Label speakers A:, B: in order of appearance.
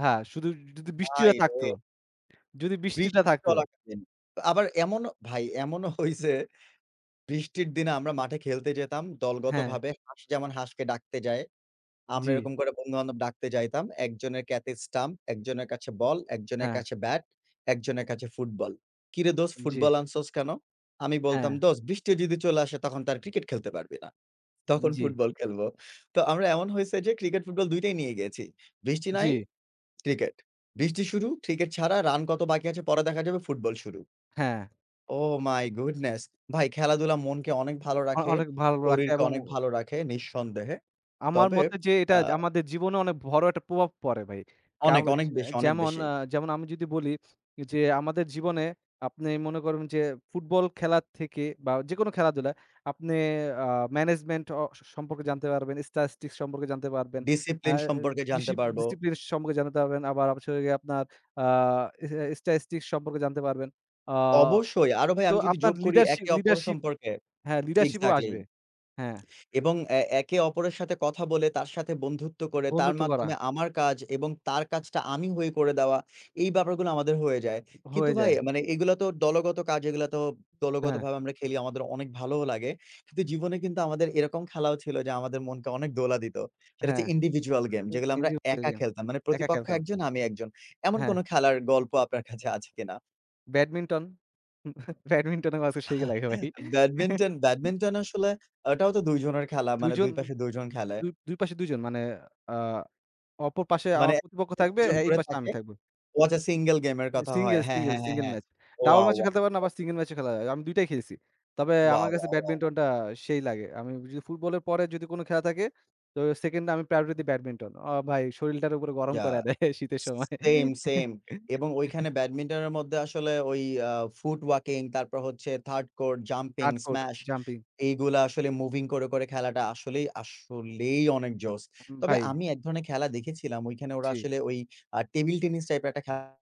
A: হ্যাঁ। শুধু য যদি বৃষ্টিটা
B: ভাইরে!
A: থাকতো, যদি বৃষ্টিটা
B: বৃষ্টি
A: থাকতো।
B: চলাকালীন। তো আবার এমনও ভাই এমনও হইসে, বৃষ্টির দিনে আমরা মাঠে খেলতে যেতাম
A: হ্যাঁ।
B: দলগতভাবে হাঁস যেমন হাঁসকে ডাকতে যায়। আমরা
A: জ্বি।
B: এরকম করে বন্ধুবান্ধব ডাকতে যাইতাম। ১ জনের কাছে স্ট্যাম্প, ১ জনের কাছে বল, ১ জনের
A: হ্যাঁ।
B: কাছে ব্যাট, ১ জনের কাছে ফুটবল। "কিরে দোস্ত
A: জ্বি।
B: ফুটবল আনছস কেন?" আমি বলতাম
A: হ্যাঁ।
B: "দোস্ত বৃষ্টি যদি চলে আসে তখন তো আর ক্রিকেট খেলতে পারবি না। তখন
A: জ্বি।
B: ফুটবল খেলব।" তো আমরা এমন হয়েছে যে ক্রিকেট-ফুটবল ২ টাই নিয়ে গিয়েছি। "বৃষ্টি নাই
A: জ্বি।
B: ক্রিকেট, বৃষ্টি শুরু ক্রিকেট ছাড়া রান কত বাকি আছে পরে দেখা যাবে ফুটবল শুরু।"
A: হ্যাঁ।
B: Oh my goodness. ভাই খেলাধুলা মনকে অনেক ভালো
A: অ
B: রাখে,
A: অনেক ভালো রাখে
B: শরীরকে
A: এবং
B: অনেক ভালো রাখে নিঃসন্দেহে।
A: আমার
B: তবে
A: মতে যে এটা
B: আ
A: আমাদের জীবনে অনেক বড় একটা প্রভাব পড়ে ভাই। কাউ
B: অনেক, অনেক
A: যে
B: বেশি, অনেক
A: যেমন
B: বেশি।
A: আ যেমন আমি যদি বলি যে আমাদের জীবনে আপনি মনে করুন যে ফুটবল খেলার থেকে বা যেকোনো খেলাধুলা আপনি আ ম্যানেজমেন্ট অ সম্পর্কে জানতে পারবেন Statistics সম্পর্কে জানতে পারবেন। আ
B: Discipline সম্পর্কে
A: ডিসি
B: জানতে পারবো।
A: Discipline সম্পর্কে জানাতে পারবেন আবার হচ্ছে হোল গিয়ে আপনার আ ইস টা Statistics সম্পর্কে জানতে পারবেন। আ
B: অবশ্যই আরো ভাই
A: তো
B: আমি যদি
A: আপনার
B: যোগ করি
A: লিডারশিপ,
B: একে অপরের
A: লিডারশিপ
B: সম্পর্কে
A: হ্যাঁ লিডারশিপ ও
B: এক্সাক্টলি।
A: আসবে। হ্যাঁ।
B: এবং এ একে অপরের সাথে কথা বলে তার সাথে বন্ধুত্ব করে তার
A: বন্ধুত্ব করা।
B: মাধ্যমে আমার কাজ এবং তার কাজটা আমি হয়ে করে দেওয়া এই ব্যাপারগুলো আমাদের হয়ে যায়। কিন্তু
A: হয়ে
B: ভাই,
A: যায়।
B: মানে এগুলো তো দলগত কাজ, এগুলা তো
A: হ্যাঁ।
B: দলগতভাবে আমরা খেলি আমাদের অনেক ভালোও লাগে। কিন্তু জীবনে কিন্তু আমাদের এরকম খেলাও ছিল যে আমাদের মনকে অনেক দোলা দিত। সেটা হচ্ছে
A: হ্যাঁ।
B: Individual game যেগুলো আমরা একা
A: [unintelligible]
B: খেলতাম। মানে
A: একা
B: প্রতিপক্ষ ১
A: খেলতাম।
B: জন আমি ১ জন। এমন কোন
A: হ্যাঁ।
B: খেলার গল্প আপনার কাছে আছে কিনা?
A: ব্যাডমিন্টন, ব্যাডমিন্টন আমার কাছে সেই লাগে ভাই।
B: ব্যাডমিন্টন, ব্যাডমিন্টন আসলে এটাও তো ২ জনের খেলা।
A: ২
B: মানে
A: জন,
B: ২ পাশে ২ জন খেলে।
A: ২, ২ পাশে ২ জন মানে আ অপর পাশে
B: মানে
A: আমার প্রতিপক্ষ
B: [unintelligible] ২
A: থাকবে
B: জন
A: এই
B: করে
A: পাশে
B: থাকে
A: আমি থাকব।
B: ও আচ্ছা সিঙ্গল গেমের কথা হয়।
A: সিঙ্গেল,
B: হ্যাঁ,
A: সিঙ্গেল,
B: হ্যাঁ, হ্যাঁ,
A: সিঙ্গেল
B: হ্যাঁ।
A: ম্যাচ। ডাবল
B: ওয়াও,
A: ম্যাচও
B: ওয়াও।
A: খেলতে পারেন আবার সিঙ্গল ম্যাচও খেলা যায়। আমি ২ টাই খেলছি। তবে আমার
B: ওয়াও,
A: কাছে
B: ওয়াও, ওয়াও।
A: ব্যাডমিন্টনটা সেই লাগে। আমি যদি ফুটবলের পরে যদি কোন খেলা থাকে তো সেকেন্ডে আমি প্রায়োরিটি ব্যাডমিন্টন। অ ভাই শরীরটারে পুরা গরম
B: ইয়াহ
A: কইরা দেয় শীতের সময়।
B: সেম, সেম এবং ঐখানে ব্যাডমিন্টনের মধ্যে আসলে ওই আ ফুট ওয়াকিং তারপর হচ্ছে third core, jumping,
A: Hardcore
B: smash
A: jumping
B: এগুলা আসলে মুভিং করে, করে খেলাটা আসলেই, আসলেই অনেক জোস।
A: উম
B: তবে
A: ভাই।
B: আমি ১ ধরনের খেলা দেখেছিলাম ঐখানে ওরা
A: জ্বি।
B: আসলে ওই আ টেবিল টেনিস টাইপের ১ টা খে